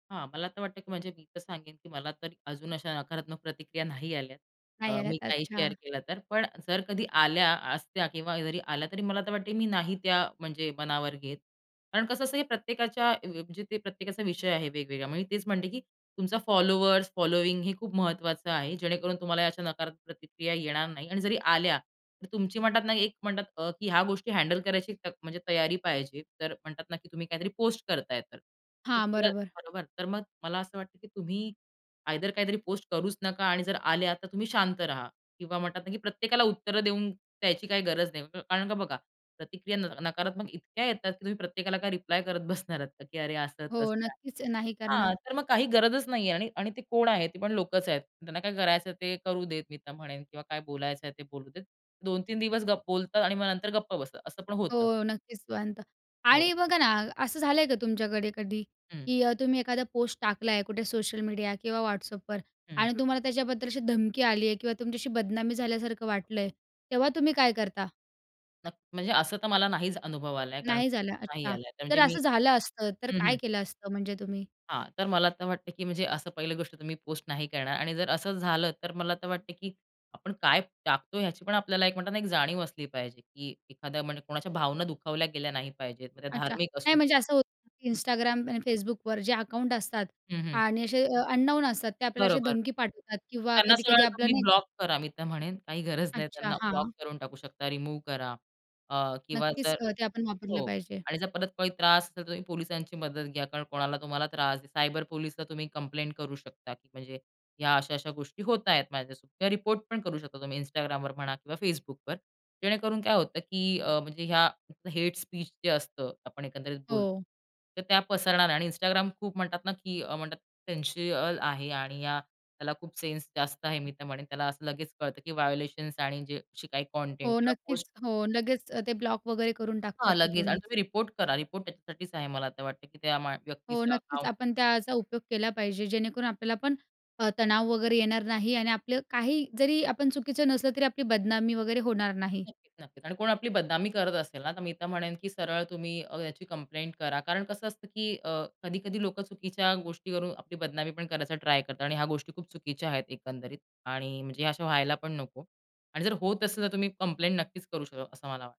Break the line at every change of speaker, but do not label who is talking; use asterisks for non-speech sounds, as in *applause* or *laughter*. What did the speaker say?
हां. मला तर वाटतं, की म्हणजे मी तर सांगेन, की मला तर अजून अशा नकारात्मक प्रतिक्रिया नाही आल्यात. अ,
नाही आल्यात.
मी काही शेअर
अच्छा.
केलं तर. पण जर कधी आल्या असत्या किंवा अ, जरी आल्या, तरी मला तर वाटतंय मी नाही त्या म्हणजे मनावर घेत. कारण कसं असतं, की प्रत्येकाच्या अ, म्हणजे ते प्रत्येकाचा विषय आहे वेगवेगळा. मी तेच म्हणते, की तुमचा फॉलोअर्स, फॉलोइंग हे खूप महत्त्वाचं आहे, जेणेकरून तुम्हाला या अशा नकारात्मक प्रतिक्रिया येणार नाही आणि जरी आल्या तर तुमची म्हणतात ना, एक म्हणतात अ, की ह्या गोष्टी हँडल करायची त म्हणजे तयारी पाहिजे. तर म्हणतात ना, की तुम्ही काहीतरी पोस्ट करताय तर अ,
हां, बरोबर.
बरोबर तर मग मला असं वाटतं, की तुम्ही आयदर काहीतरी पोस्ट करूच नका आणि जर आल्या, तर तुम्ही शांत राहा किंवा म्हणतात ना, की प्रत्येकाला उत्तरं देऊन द्यायची काही गरज नाही. कारण का बघा, प्रतिक्रिया न नकारात्मक इतक्या येतात, की तुम्ही प्रत्येकाला काय रिप्लाय करत बसणार *chuckles* आहात, की अरे, असं
हो,
तसं आहे.
नक्कीच नाही करणार.
हां, तर मग काही गरजच नाहीये आणि आणि ते कोण आहे? ती पण लोकच आहेत. त्यांना काय करायचंय ते करू देत मी तर म्हणेन किंवा काय बोलायचंय ते बोलू देत. 2-3 दिवस गप बोलतात आणि मग नंतर गप्प बसतात. असं पण होतं.
हो, नक्कीच म्हणतो
हो.
आणि बघा ना, असं झालंय का तुमच्याकडे कधी,
हं.
की अ, तुम्ही एखादा पोस्ट टाकलाय कुठे सोशल मीडिया किंवा Whatsappवर
हं.
आणि तुम्हाला त्याच्याबद्दल अशी धमकी आली आहे किंवा तुमच्याशी बदनामी झाल्यासारखं वाटलंय, तेव्हा तुम्ही काय करता?
न म्हणजे असं तर मला नाहीच अनुभव आलाय कारण
नाही झालं,
नाही
अच्छा.
आलाय म्हणजे
तर
मी
असं झालं असतं तर
हं, हं.
काय केलं असतं म्हणजे तुम्ही?
हां, तर मला तर वाटतं, की म्हणजे असं पहिली गोष्ट तुम्ही पोस्ट नाही करणार आणि जर असं झालं तर मला तर वाटतं, की आपण काय टाकतो ह्याची पण आपल्याला म्हणतात ना, एक जाणीव असली पाहिजे. की एखाद्या म्हणजे कोणाच्या भावना दुखावल्या गेल्या नाही पाहिजेत. त्या
अच्छा.
धार्मिक असू
नाही
दे.
म्हणजे असं होतं, की
हं.
Instagramवर आणि Facebookवर जे अकाउंट असतात
हं, हं
आणि असे अननोन असतात, ते आपल्याला अशी
बरोबर.
धमकी पाठवतात किंवा
त्यांना
कधी-कधी
सरळ
आपलं,
तुम्ही
नाही का?
ब्लॉक करा मी तर म्हणेन, काही गरज नाही.
अच्छा,
त्यांना ब्लॉक
हां.
करून टाकू शकता, रिमूव्ह करा. अ, किंवा
नक्कीच
जर
अ, ते आपण वापरलं
हो
पाहिजे.
आणि जर परत काही त्रास असेल, तर तुम्ही पोलिसांची मदत घ्या. कारण कोणाला तुम्हाला त्रास आहे. सायबर पोलीसला तुम्ही कंप्लेंट करू शकता. की म्हणजे ह्या अशा-अशा गोष्टी होत आहेत माझ्यासोबत किंवा रिपोर्ट पण करू शकता तुम्ही Instagramवर म्हणा किंवा Facebookवर. जेणेकरून काय होतं, की अ, म्हणजे ह्या हेट स्पीच जे असतं आपण एकंदरीत बोलतो,
हो.
तर त्या पसरणार नाही आणि Instagram खूप म्हणतात ना, की अ, म्हणतात सेन्सिबल आहे आणि त्याला खूप सेन्स जास्त आहे, मी तर म्हणेन. त्याला असं लगेच कळतं, की व्हायोलेशन्स आणि जे अशी काही कंटेंट
हो,
किंवा पोस्ट
नक्कीच. हो, लगेच ते ब्लॉक वगैरे करून टाकतात
हां, लगेच आणि
तिथूनच.
तुम्ही रिपोर्ट करा. रिपोर्ट त्याच्यासाठीच आहे मला तर वाटतं, की त्या मा
हो,
व्यक्तीचं
नक्कीच.
अकाउंट
आपण त्याचा उपयोग केला पाहिजे, जेणेकरून आपल्याला पण अ, तणाव वगैरे येणार नाही आणि आपलं काही जरी आपण चुकीचं नसलं, तरी आपली बदनामी वगैरे होणार नाही.
नक्कीच, नक्कीच आणि कोण आपली बदनामी करत असेल ना, तर मी तर म्हणेन की सरळ तुम्ही अ, याची कंप्लेंट करा. कारण कसं असतं, की अ, कधी-कधी लोकं चुकीच्या गोष्टीवरून आपली बदनामी पण करायचा ट्राय करतात. आणि ह्या गोष्टी खूप चुकीच्या आहेत एकंदरीत आणि म्हणजे हे अशा व्हायला पण नको आणि जर होत असेल, तर तुम्ही कंप्लेंट नक्कीच करू शकता, असं मला वाटतं.